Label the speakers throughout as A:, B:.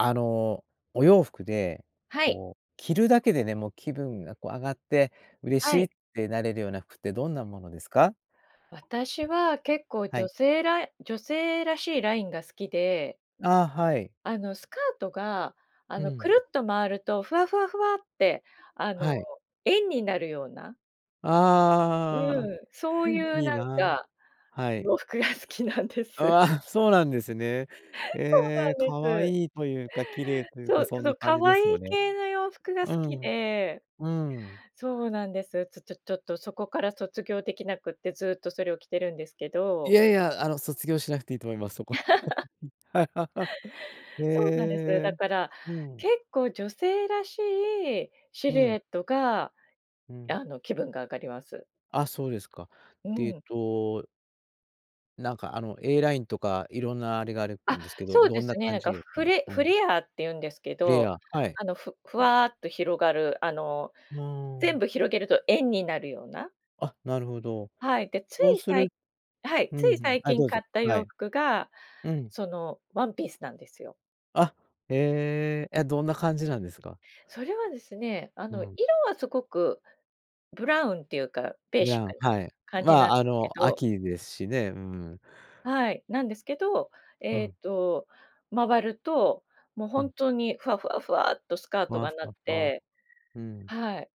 A: あの、お洋服で、
B: はい。
A: こう、着るだけでね、もう気分がこう上がって、嬉し
B: は
A: い
B: い。
A: ってなれるような服ってどんなものですか？
B: 私は結構、
A: は
B: 女
A: い。
B: 性ら女性らしいラインが好きで。
A: ああ、はい。
B: あの、スカートが、あ
A: う
B: の、く
A: ん。
B: るっと回るとふわふわふわって、あの、
A: はい。
B: 円になるような
A: ああ。
B: うん。そういう
A: いい
B: なん
A: な。
B: か、
A: はい。
B: 洋服が好きなんです。
A: ああ、そうなんですね。
B: そうな
A: ええ、
B: んで
A: 可
B: す。
A: 愛いというか、綺麗という
B: そ
A: か、
B: う。
A: そ
B: か
A: ん
B: そ
A: な
B: う。
A: 感
B: 可
A: じです
B: 愛い
A: よね。
B: 系の洋服が好
A: う
B: き
A: ん。
B: で。
A: うん。
B: そうなんです。ちょちょちょっとそこから卒業出来なくて、ずっとそれを着てるんですけ
A: い
B: ど。
A: やいや、あの卒業しなくていいと思います、そこ。はい。へ
B: そうなんです。だ
A: え。
B: から、
A: うん。
B: 結構女性らしいシ
A: う
B: ルエ
A: ん。
B: ットが、
A: うん。
B: あの、気分が上がります。
A: あ、そうですか。
B: う
A: で、えっ
B: ん。
A: となんかあの、A ラインとか、色んなあれがあると思
B: あ、
A: うんですけど、
B: そうで
A: どんな
B: すね。な
A: 感
B: ん
A: じ
B: か
A: ですか？
B: フレ
A: う
B: フ
A: ん。
B: レアーっていうんですけ
A: フレ
B: ど。
A: ア。はい。
B: あの、ふふわっと広がる。あの、
A: うー
B: 全
A: ん。
B: 部広げると円になるような。
A: あ、なるほど。
B: はい。で、つ
A: そう
B: い
A: す
B: さ
A: る
B: いはい、
A: う
B: つ
A: ん、
B: い
A: ふん。
B: 最
A: あい、
B: 近
A: どう
B: 買
A: ぞ。
B: った
A: は
B: 洋
A: い。
B: 服が、
A: うん。
B: そのワンピースなんですよ。
A: あ、ええ、え、どんな感じなんですか？
B: それはですね、あ
A: う
B: の
A: ん。
B: 色はすごく、ブラウンっていうかベー
A: ブ
B: シッ
A: ラウ
B: クな
A: はい。
B: 感
A: ま
B: じなん
A: あ、
B: です
A: あ
B: け
A: の、
B: ど
A: 秋ですしね、うん。
B: はい、なんですけど、
A: う
B: え
A: ん。
B: ーと、回ると、もう
A: う
B: 本
A: ん。
B: 当にふわふわふわっとスカー
A: ふ
B: ト
A: わ
B: が
A: ふ
B: なっ
A: わふわ。
B: て。
A: うん。
B: はい。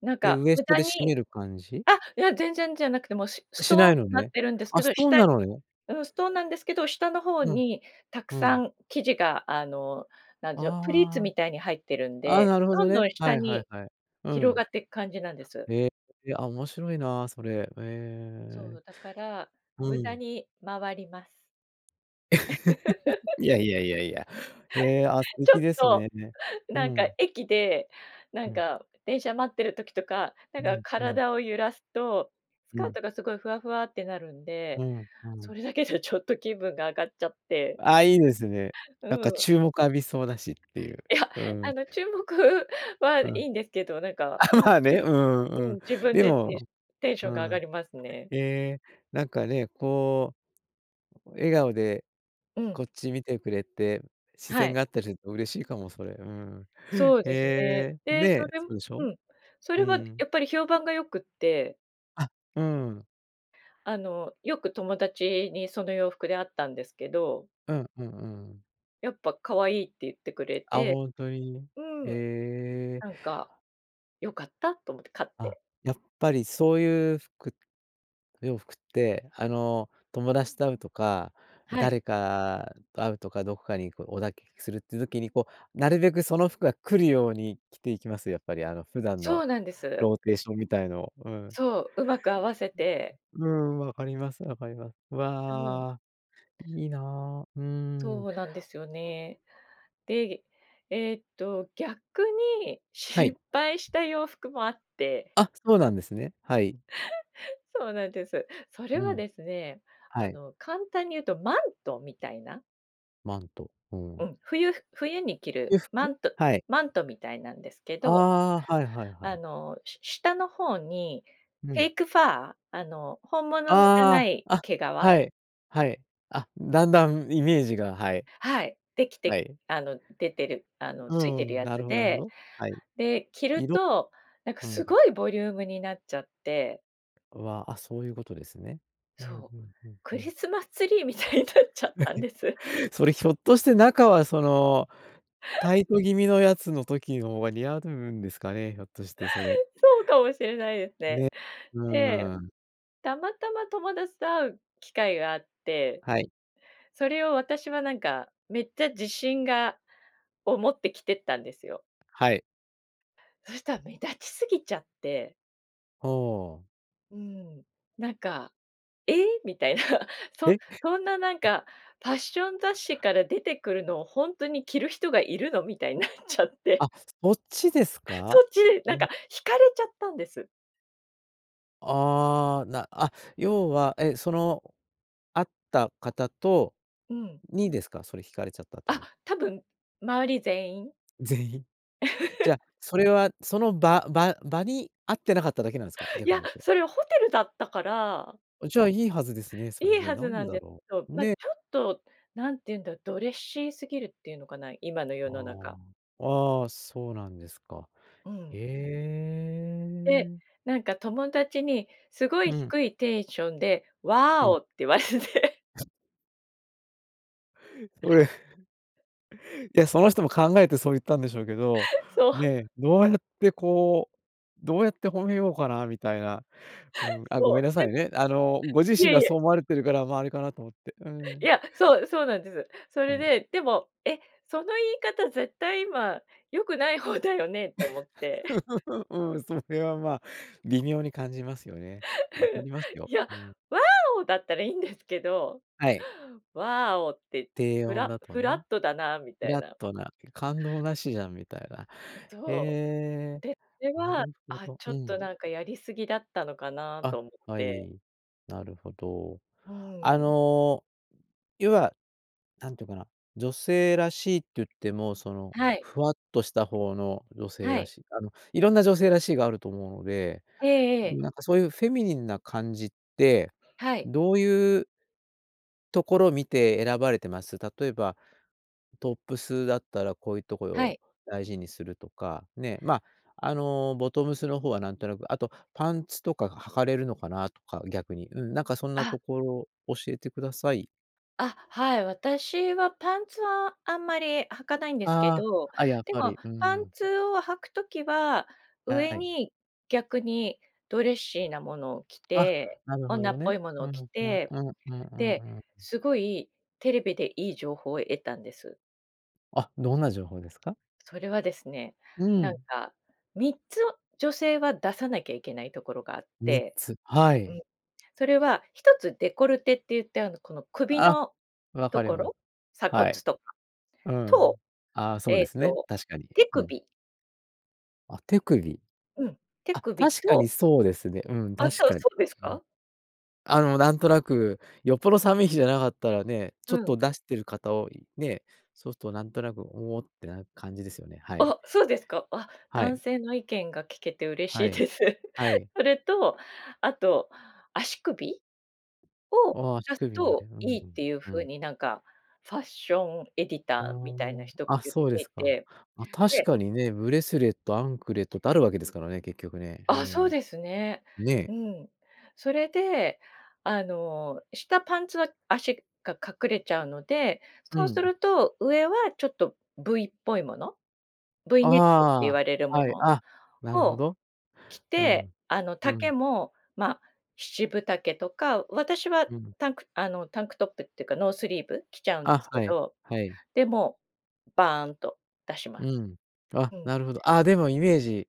B: なん
A: で、
B: か
A: ウエス
B: 無
A: ト
B: 駄
A: で締
B: に
A: める感じ？
B: あ、いや、全然じゃなくて、もう、しストー
A: しな
B: ン
A: い
B: と
A: の
B: なっ
A: ね。
B: てるんですけ
A: あ、ス
B: ど、
A: トーン
B: 下
A: なのね。
B: うん、ストーンなんですけど、下の方
A: うん。
B: にたく
A: う
B: さ
A: ん。
B: ん生地が、あの、なんでしょう、プリーツ
A: ああ。
B: みたいに入ってるん
A: ああ、
B: で、
A: なるほ
B: ど
A: ど
B: んど
A: ね、
B: ん
A: は
B: 下
A: いはい
B: に
A: はい、う
B: 広
A: ん。
B: がっていく感じなんです。
A: へえ、あ、面白いなそれ。え
B: そ
A: え。
B: う、だから、
A: う
B: 無駄
A: ん。
B: に回ります。
A: いやいやいやいや。へえ、あ、素
B: ちょ
A: 敵
B: っ
A: です
B: と、
A: ね。う
B: なんか
A: ん。
B: 駅で、なん
A: うん。
B: か電車待ってる時とか、なん
A: う
B: か
A: んうん。
B: 体を揺らすと、ス
A: う
B: カー
A: ん。
B: トがすごいふわふわってなるんで、
A: うんう
B: そ
A: ん。
B: れだけじゃちょっと気分が上がっちゃって。
A: ああ、いいですね。なん
B: う
A: か
B: ん。
A: 注目浴びそうだしっていう。
B: いや、
A: う
B: あ
A: ん。
B: の注目は
A: う
B: い
A: ん。
B: いんですけど、なんか
A: あ、
B: うん、
A: まあ
B: じ
A: ね、
B: ぶ
A: うん
B: う
A: う
B: ん、
A: ん。
B: 自分
A: で
B: でテンシ
A: も
B: テンショ
A: う
B: ンが上が
A: ん。
B: りますね。
A: ええ、なんかね、こう、笑顔で
B: う
A: こ
B: ん。
A: っち見てくれて、視
B: は
A: 線
B: い。
A: があったりすると嬉しいかもそれ。うん。
B: そう
A: へ
B: ですね。
A: え。ね
B: で、そ
A: え、
B: れ
A: そうでしょ？
B: うん、そ
A: うー
B: れは
A: ん。
B: やっぱり評判が良くって
A: あ、うん。
B: あの、よく友達に、その洋服で会ったんですけど。
A: うんうんうんうん。
B: やっぱ「可愛い」って言ってくれ
A: あ、
B: て。
A: 本当に？
B: う
A: え
B: ん。
A: え。
B: なんか「よかった」と思って。買っ
A: あ、
B: て。
A: やっぱりそういう服洋服って、あの、友達と会うとか、
B: はい。
A: 誰かと会うとか、どこかに、こう、お出かけするっていう時に、こう、なるべくその服が来るように着ていきます？やっぱり、あの、普段
B: そ
A: の
B: うなんです。
A: ローテーションみたいの。うん。
B: そう、うまく合わせて。
A: うん。わかります、わかりま
B: うん。
A: わあ、いいな。うん。
B: そうなんですよね。で、えっと、逆に
A: はい。
B: 失敗した洋服もあって。
A: あ、そうなんですね、はい。
B: そうなんです。それ
A: う
B: は
A: ん。
B: ですね、
A: は
B: あ
A: い。
B: の、簡単に言うとマントみたいな。
A: マント、う
B: う
A: ん。
B: ん、冬冬に着る
A: 洋
B: マ
A: 服？
B: ント
A: はい。
B: マントみたいなんですけど。
A: ああ。はいはいは
B: あ
A: い。
B: の、し下の方に
A: う
B: フェ
A: ん。
B: イクファー、あの、本物じゃ
A: あ
B: ない
A: あ。あ、
B: 毛皮。
A: はい、はい。あ、だんだんイメージが、はい。
B: はい。でき
A: は
B: て
A: い。
B: あの、出てるあの、
A: う
B: ついてる
A: ん。
B: や
A: なる
B: つ
A: ほどなるほ
B: で。
A: ど。はい。
B: で、着る
A: いろ
B: となんか、
A: う
B: す
A: ん。
B: ごいボリュームになっちゃって
A: うわ、あ、そういうことですね。うん
B: そう、
A: うんうん
B: ク
A: う
B: リ
A: ん。
B: スマスツリーみたいになっち ゃっ
A: は
B: たんです。
A: い。それ、ひょっとして中はその、タイト気味のやつの時の方が似合ううんですかね、ひょっとして、それ。
B: そうかもしれないですね。
A: ね。う
B: で、
A: ーん。
B: たまたま友達と会う機会があって、
A: はい。
B: それを私はなんか、めっちゃ自信がを持って着てったんですよ。
A: はい。
B: そした目立ちすぎちゃって。
A: はあ。
B: うーん。なんか「ええ？」みたいな。そ
A: へ？
B: そんななん か、ファッション雑誌から出てくるのを本当に着る人がいるの？みたいんなっちゃって。
A: あ、そっちです
B: そ
A: か？
B: っち。なん
A: へん
B: か引かれちゃったんです。
A: ああ、なあ、要は、え、その、会った方と
B: うん。
A: にですか？それ引かれちゃったって
B: あ、
A: のは。
B: 多分周り全員。
A: 全員？じ ゃ、それはその場場場に合ってなかっただけなんですか？
B: い
A: 逆に
B: や、
A: 言うと。
B: それはホテルだったから。
A: あ、じゃあいいはずですね、そ
B: い
A: れ
B: い
A: ね。
B: は
A: な
B: ずな
A: ん
B: ん
A: だ
B: で、け
A: ろ
B: ど、
A: う？
B: なちょ
A: ね。
B: っと、何て言うんだ？ドレッシーすぎるっていうのかな、今の世
A: あ
B: の中。
A: あ。ああ、そうなんですか。
B: うん。
A: へ
B: で、
A: え。
B: なんか友達にすご
A: う
B: い
A: ん。
B: 低いテンションで「ワー
A: うん。
B: オ」って言われて。
A: それいや、その人も考えてそう言ったんでしょうけど、
B: そう。
A: ね、どうやって、こう、どうやって褒めようかなみたいな。うーん、あ、ご
B: そ
A: めんな
B: う、で、
A: さいね。あの、ご自
B: い
A: 身
B: えい
A: がそ
B: え。
A: う思われているからま、あれ、かなと思って。うー
B: い
A: ん。
B: や、そうそうなんです。そ
A: う
B: れ
A: ん。
B: で、でも、え、その言い方絶対今良くない方だよねと思って。
A: うん、それは、まあ、微妙に感じますよね。わか ります
B: い
A: よ。
B: や、
A: うん。
B: 「ワーオ」だったらいいんですけど、
A: はい。
B: 「ワオ」って、
A: 低
B: フ
A: 温
B: ラ
A: だと
B: フラッ
A: ね。
B: トだなみ
A: フ
B: たい
A: ラッ
B: な。
A: トな感動なしじゃんみたいな。へ
B: そお、
A: え、
B: で、これ
A: な
B: は、
A: るほ
B: あ、
A: ど。
B: ちょ
A: う
B: っと、
A: ん。
B: なんか、やり過ぎだったのかな
A: あ、
B: と思っ
A: は
B: て。
A: い。なるほど。
B: うー
A: あ
B: ん。
A: の、要は、なんていうかな、女性らしいって言っても、その、
B: はい。
A: ふわっとした方の女性
B: は
A: ら
B: い。
A: しい、あの、いろんな女性らしいがあると思うので、
B: ええええ。
A: なんか、そういうフェミニンな感じって、
B: はい。
A: どういうところを見て選ばれてます。例えば、トップスだったらこういうところ
B: はい。
A: を大事にするとか、ね、まあ、あの、ボトムスの方はなんとなくあとパンツとかが履かれるのかなとか、逆に。うん、なんか、そんな
B: あ。
A: ところ教えてください。
B: あ、はい、私はパンツはあんまり履かないんですけ
A: ああ、
B: ど、
A: あ、やっ
B: で
A: ぱ
B: も
A: り、うー
B: パン
A: ん。
B: ツを履く時は、上
A: はい。
B: に逆にドレッシーなものを着
A: あ、
B: て、
A: なるほ
B: 女
A: ど
B: っぽ
A: ね。
B: いもの
A: う
B: を
A: んう
B: 着
A: んうん
B: て、
A: うんう
B: で、
A: んうん。
B: すごいテレビでいい情報を得たんです。
A: あ、どんな情報ですか？
B: それはですね、
A: う
B: なん
A: ん。
B: か3つを女性は出さなきゃいけないところがあっ
A: みっ
B: て、
A: つ。は
B: う
A: い。
B: ん。それは、一つ、デコルテっていって、あの、この首
A: あ。
B: の
A: わ
B: と
A: かり
B: こ
A: ま
B: ろ、鎖骨
A: はい。
B: とか
A: う
B: と、
A: ん。ああ、そう
B: え
A: で
B: え
A: すね、
B: と、
A: 確かに、
B: 手
A: うん。
B: 首。
A: あ、手首？
B: うん。手
A: あ、
B: 首
A: 確かに
B: と
A: そうですね。うん、
B: あ、じ
A: 確
B: ゃあ、
A: かに、
B: そうです
A: うん。
B: か？
A: あの、なんとなく、よっぽど寒い日じゃなかったらね、ちょっ
B: う
A: と
B: ん。
A: 出してる方を、いね、そうするとなんとなく、おおってなる感じですよね、はい。
B: あ、そうですか。あ、
A: はい。
B: 男性の意見が聞けて嬉し
A: は
B: い
A: い。
B: です。
A: はい。
B: それと、あと、足首？を
A: おお、
B: 出
A: 足
B: す
A: 首に
B: と
A: ね。う
B: い
A: ん。
B: いっていう
A: う
B: 風
A: ん。
B: になんかファッションエディ
A: あ
B: ターみたいな人
A: あ、あ、
B: 言っ
A: そうで
B: てい
A: すか。
B: て、
A: ま、確
B: で
A: かにね、ブレスレット、アンクレットってあるわけですからね、結局ね。うー
B: あ、そう
A: ん。
B: ですね。
A: ね
B: う
A: え。
B: ん。それで、あの、下パンツは足が隠れちゃうので、
A: う
B: そうす
A: ん。
B: ると上はちょっと V っぽいもの、V ネックって言
A: あ
B: われる
A: あ、
B: も
A: はい、
B: の
A: あ、なるほ
B: を
A: ど。
B: 着
A: う
B: て、
A: ん、
B: あの、
A: う
B: 丈
A: ん。
B: も、ま、7分丈とか、私は
A: うん。
B: タンクあの、タンクトップっていうか、ノースリーブ着ちゃうんで
A: あ、
B: すけ
A: はい、
B: ど、
A: はい。
B: でもバーンと出し
A: う
B: ます。
A: ん、あ、
B: うん。
A: なるほど。あ、でもイメージ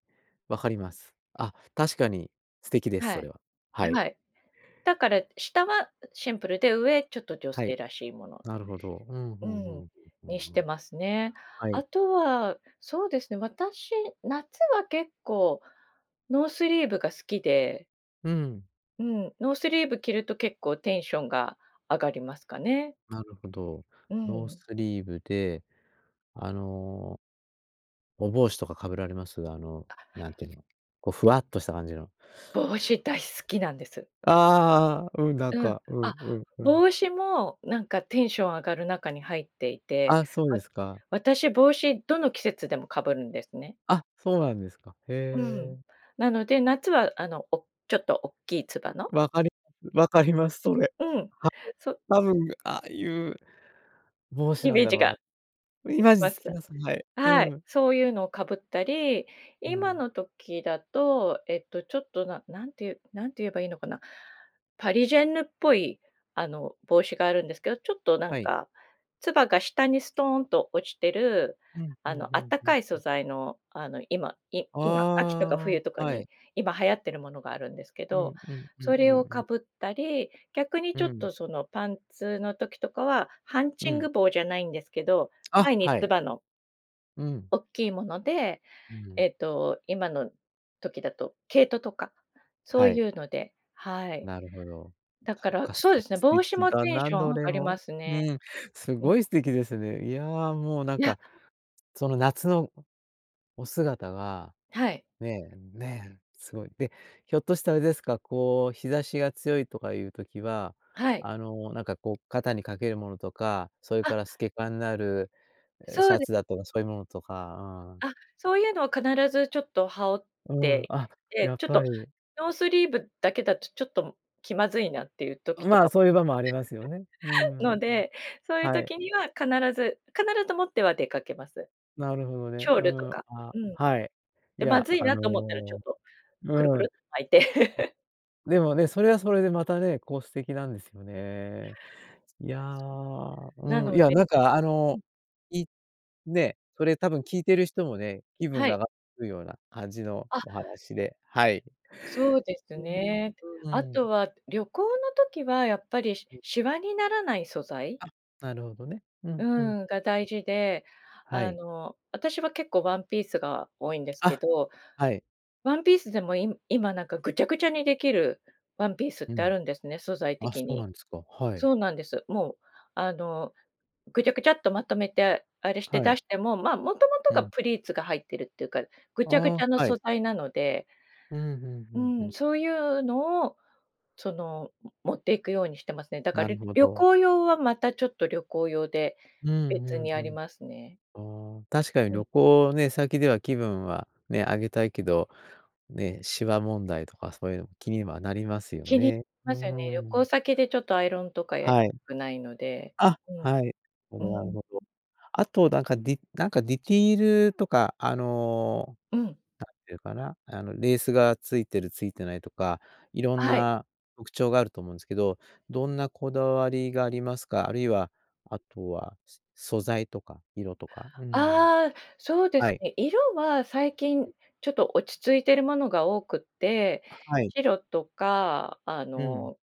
A: 分かります。あ、確かに素敵です、
B: は
A: そ
B: い。
A: れは。はい。
B: はい。だから下はシンプルで上、ちょっと女
A: は
B: 性
A: い。
B: らしいもの。
A: なるほど。うんうん
B: う
A: うん
B: ん。
A: うんうん
B: にし
A: う
B: て
A: ん。
B: ますね。
A: は
B: あ
A: い。
B: とは、そうですね、私、夏は結構ノースリーブが好きで。
A: うん。
B: うん、ノースリーブ着ると結構テンションが上がりますかね。
A: なるほど、
B: う
A: ノー
B: ん。
A: スリーブで、あのお帽子とか被られます？あの、
B: あ
A: なんて言うの、こうふわっとした感じの。
B: 帽子大好きなんです。
A: ああ。うん、なん
B: うん、
A: かうん
B: あ、
A: うんうん。
B: 帽子も、なんかテンション上がる中に入っていて、
A: あ、そう
B: わ
A: ですか。
B: 私帽子どの季節でも被るんですね。
A: あ、そうなんですか。
B: うん。
A: へえ。
B: なので、夏はあの、おちょっと大きいつばの
A: 分かります分かります、それ。
B: うん。
A: はい、
B: そう
A: 多分ああいう、帽子
B: イ
A: なん
B: メー
A: だ
B: ジ
A: ろう
B: が
A: な。イ
B: 出来
A: マジ
B: ま
A: つ
B: し
A: き
B: た？
A: ます。はい。う
B: はい、
A: ん。
B: そういうのを被ったり、
A: う
B: 今
A: ん。
B: の時だと、えっと、ちょっと、ななんて言うなんて言えばいいのかな。パリジェンヌっぽい、あの、帽子があるんですけど、ちょっとなん
A: はい。
B: か、つばが下にストーンと落ちてる、
A: うんう
B: あ
A: ん
B: の、
A: う
B: あっ
A: ん
B: た
A: う
B: か
A: ん
B: い素
A: うん。
B: 材の、あの今今、秋とか
A: あ
B: 冬とか
A: あ、は
B: に
A: い。
B: 今流行ってるものがあるんですけ
A: う
B: ど、
A: んうんうん
B: そ
A: う
B: れを
A: んう
B: 被
A: ん。
B: ったり、逆に
A: う
B: ちょっ
A: ん。
B: とそのパンツの時とかは、ハンチ
A: う
B: ン
A: ん。
B: グ帽じゃないんですけど、
A: あ、
B: 前に
A: は
B: つ
A: い。
B: ばの
A: うん。
B: おっきいもので、
A: うん。
B: えっと、今の時だと毛糸とか、そう
A: はい。
B: いうので、はい。
A: なるほど。
B: だか
A: そっ
B: ら、
A: か素
B: そうで
A: 敵
B: すね、
A: 素
B: 帽子
A: 敵
B: も
A: だ
B: テン
A: な、
B: ション
A: ど
B: 上が
A: れ
B: りま
A: も。
B: すね。
A: うん、す
B: うん。
A: ごい素敵ですね。いやあ、もうなん
B: いや
A: か、その夏のお姿が、
B: はい。
A: ねえねえ、すごい。で、ひょっとしてあれですか、こう日差しが強いとかいう時は、
B: はい。
A: あのなんか、こう肩にかけるものとか、それか
B: あ
A: ら透け感のある、ええ、シ
B: そう
A: ャ
B: で
A: ツだとか、そういうものとか、あん
B: あ、そういうのは必ずちょっと羽織っ
A: うん、
B: てい
A: あ、
B: て、
A: やっ
B: ちょっと
A: ぱり。
B: ノースリーブだけだとちょっと気まずいなっていう時と
A: まあ、
B: か
A: そういう場もありますよね、う
B: の
A: ん。
B: で、そういう
A: はい。
B: 時には必ず必ず持っては出かけます。
A: なるほど
B: シ
A: ね、
B: ョー
A: う
B: ルと
A: ん、
B: か。
A: あ、
B: うん。
A: はい。い
B: でま
A: や、
B: ずい
A: あ
B: なと思ったら、ちょっ
A: の、
B: とくるく
A: うん。
B: る巻いて。
A: でもね、それはそれでまたね、こう素敵なんですよね。いや、
B: な
A: うん、
B: の
A: いや、
B: で
A: なんかあ
B: うん。
A: の、い、ね、それ多分聞いてる人もね、気分
B: は
A: が
B: い。
A: 上がるような感じの
B: あ
A: お話で、はい。
B: そうです
A: うん
B: ね。
A: と、う
B: あ
A: ん。
B: とは旅行の時はやっぱり、し- しわにならない素材？
A: あ、なるほどね、う
B: う
A: んうん。
B: ん、が大事で、
A: は
B: あ
A: い。
B: の、私は結構ワンピースが多いんですけ
A: あ、
B: ど、
A: はい。
B: ワンピースでも今なんかぐちゃぐちゃに出来るワンピースっ
A: う
B: てあ
A: ん。
B: るんですね、素材
A: あ、そ
B: 的
A: うな
B: に。
A: んですか。はい。
B: そうなんです。もう、あの、ぐちゃぐちゃっとまとめて、あれして
A: は
B: 出
A: い。
B: しても、まあもともと
A: う
B: が
A: ん。
B: プリーツが入ってるっていうか、ぐちゃぐち
A: あ
B: ゃの
A: あ、は
B: 素
A: い。
B: 材なので
A: うんうん
B: う
A: うんう
B: ん、
A: ん。
B: そういうのを、その、う持っていくようにしてますね。だか
A: な
B: ら、
A: る
B: りょ
A: ほ
B: 旅
A: ど。
B: 行用はまたちょっと旅行用で、
A: うん
B: 別
A: う
B: に
A: ん
B: あ
A: う
B: りますね。
A: ん。ああ、確かに
B: うん。
A: 旅行ね、先では気分は、ね、上げたいけど、ね、しわ問題とかそういうのも気にはなりますよ
B: 気に、
A: ね。う
B: ますよね。
A: ー
B: 旅行
A: ん。
B: 先でちょっとアイロンとかやり、
A: はい。
B: くないので、
A: あ、
B: うん。
A: はい。ほどな
B: う
A: る
B: ん。
A: ほど。あとなんかディなんかディティールとか、あの、
B: うん。
A: なんていうかな、あのレースが付いてる付いてないとか、色ん
B: はい。
A: な特徴があると思うんですけど、どんなこだわりがありますか？あるいは、あとは、そ素材とか色とか、うーん。
B: ああ、そうで
A: は
B: す
A: い。
B: ね。色は、最近 ちょっと落ち着いてるものが多くって、
A: あ、はい。
B: 白とか、あ
A: うん。
B: の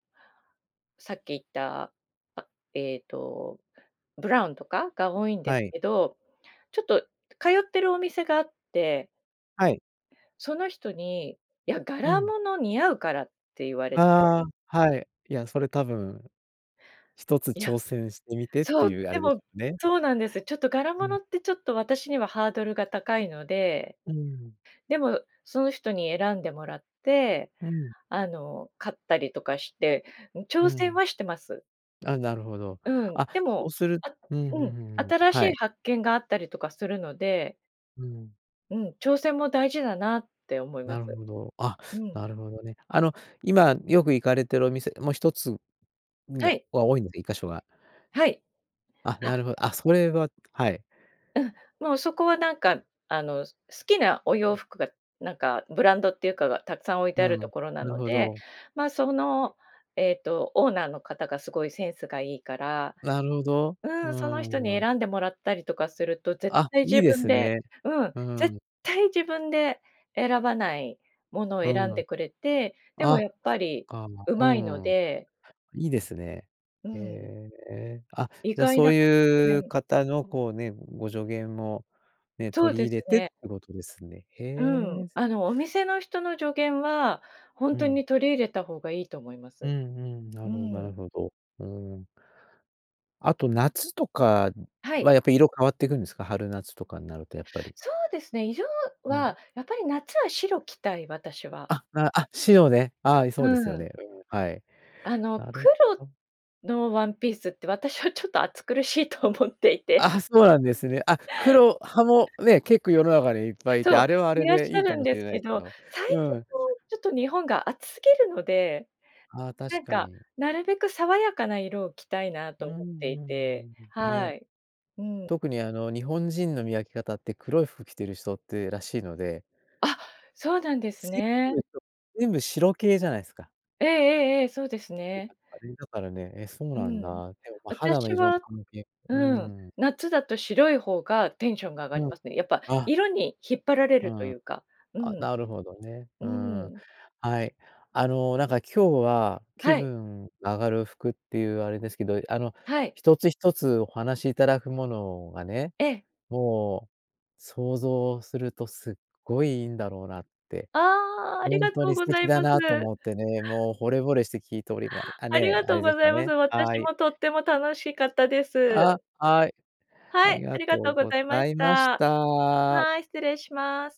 B: さっき言った、あ、ええと、ブラウンとかが多いんで
A: は
B: す
A: い。
B: けど、ちょっと通ってるお店があって
A: はい。
B: その人に、「いや、
A: う
B: 柄
A: ん。
B: 物似合うから」って言われて。
A: ああ、はい。いや、それ多分、一つ
B: いや、
A: 挑戦してみてって
B: そう
A: いうあ
B: で
A: れです
B: も、
A: よね。
B: そうなんです。ちょっと柄
A: うん。
B: 物ってちょっと私にはハードルが高いので、
A: うーん。
B: でも、その人に選んでもらって、
A: うん。
B: あの、買ったりとかして、うん、
A: う
B: 挑戦
A: ん。
B: はしてます。
A: あ、なるほど。
B: うん、
A: あ、
B: で
A: そ
B: も
A: うする
B: あ、
A: うんうん
B: う
A: う
B: ん、
A: んうん。
B: 新し
A: は
B: い
A: い。
B: 発見があったりとかするので
A: うん。
B: うん、挑戦も大事だなって思いま
A: な
B: す。
A: るほど。あ、
B: うん。
A: なるほどね。あの、今よく行かれてるお店、ま、1つん
B: は
A: が
B: い。
A: は多いので。1箇所は。
B: はい。
A: あ、な
B: あ
A: るほあ、それははい。
B: うん。もうそこはなんか、あの、す好きなお洋服が、なんかブランドっていうかがたくさん置いて
A: う
B: あ
A: ん、
B: ると
A: な
B: ころな
A: る
B: の
A: ほ
B: で、
A: ど。
B: ま、その、えっとオーナーの方がすごいセンスがいいから。
A: なるほど。
B: う
A: うー
B: ん、その人
A: ん、
B: に
A: うん。
B: 選んでもらったりとかすると、絶
A: あ、
B: 対
A: いい
B: 自
A: で
B: 分
A: す
B: で
A: ね。
B: うん、
A: う
B: 絶
A: ん。
B: 対自分で選ばないものを
A: う
B: 選
A: ん。
B: んでくれて、でも
A: あ、そっ
B: やっぱり
A: か。う
B: 上手いの
A: ん。
B: で。
A: いいですね。
B: う
A: へ
B: ん。
A: え。あ、
B: 意
A: じゃあ、
B: 外
A: そ
B: な
A: う
B: 発
A: いう
B: 見
A: 方のこうね、ご助言もね、
B: そう
A: 取り
B: です
A: 入れてっ
B: ね。
A: てことですね。へ
B: うん、
A: え。
B: あの、お店の人の助言は、ほん
A: う
B: と
A: ん。
B: に取り入れた方がいいと思いま
A: う
B: す。
A: んうん、な
B: う
A: るほどなる
B: ん。
A: ほど。うん。あと夏とか
B: はい。
A: は、やっぱ色変わっていくんですか、春夏とかになるとやっぱり。
B: そうですね、色
A: う
B: は、
A: ん。
B: やっぱり夏は白着たい、私は。
A: あ、なあ、白ね。はい、
B: う
A: そうですよ
B: ん。
A: ね、うん。はい。
B: あの、
A: なるほ
B: 黒
A: ど。
B: のワンピースって私はちょっと暑苦しいと思っていて。
A: ああ、そうなんですね。あ、黒派もね、結構世の中にはいっぱい居て、
B: そう。
A: あれはあ
B: い
A: れ
B: らっし
A: でい
B: ゃ
A: いか
B: るん
A: もし
B: で
A: れ
B: す
A: ない
B: け
A: ですけ
B: ど、
A: ど。
B: 最近
A: うん。
B: ちょっと日本が暑すぎるので、
A: あ、
B: な
A: 確
B: ん
A: か
B: か、
A: に。
B: なるべく爽やかな色を着たいな
A: う
B: と
A: ん、
B: 思っていて。
A: うーん。
B: は
A: ね。
B: い。うん。
A: 特にあの、日本人の見分け方って、黒い服着てる人ってらしいので。
B: あ、そうなんです
A: せ
B: ね。
A: と、全部白系じゃないすか。
B: ええええええ、そうですね。
A: だからね、え、そう
B: う
A: なん
B: ん。
A: だ。でも、ま、肌の
B: 私
A: 色の
B: は
A: 関係う
B: う
A: ー
B: ん、
A: ん。
B: 夏だと白い方がテンションが上がり
A: うん。
B: ますね。やっぱ、
A: あ
B: 色に引っ張られ
A: う
B: ると
A: ん。
B: いうか。う
A: あ、
B: ん。
A: なるほどね、
B: う
A: うん。
B: ん。
A: はい。あの、なんか今日は、気
B: はい。
A: 分上がる服っていうあれですけど、あの、
B: はい。
A: 一つ一つお話しいただくものがね、
B: ええ。
A: もう、想像するとすっごいいいんだろうなって。
B: ああ、あ
A: ほ
B: り
A: ん
B: が
A: と
B: とう
A: に素
B: ござ
A: 敵
B: い
A: だ
B: ま
A: なと
B: す。
A: 思ってね、もう惚れ惚れして聞いておりまあ
B: あり
A: ね、
B: が
A: あ
B: とう
A: れで
B: ご
A: す
B: ざ
A: か
B: います。
A: ね、は
B: 私
A: い。
B: もとっても楽しかったで
A: あ、
B: す。
A: はい。あ
B: は
A: り
B: い、あ
A: が
B: り
A: と
B: がと
A: う
B: うご
A: ご
B: ざいまし
A: ざいまし
B: た。
A: た。
B: はい、失礼します。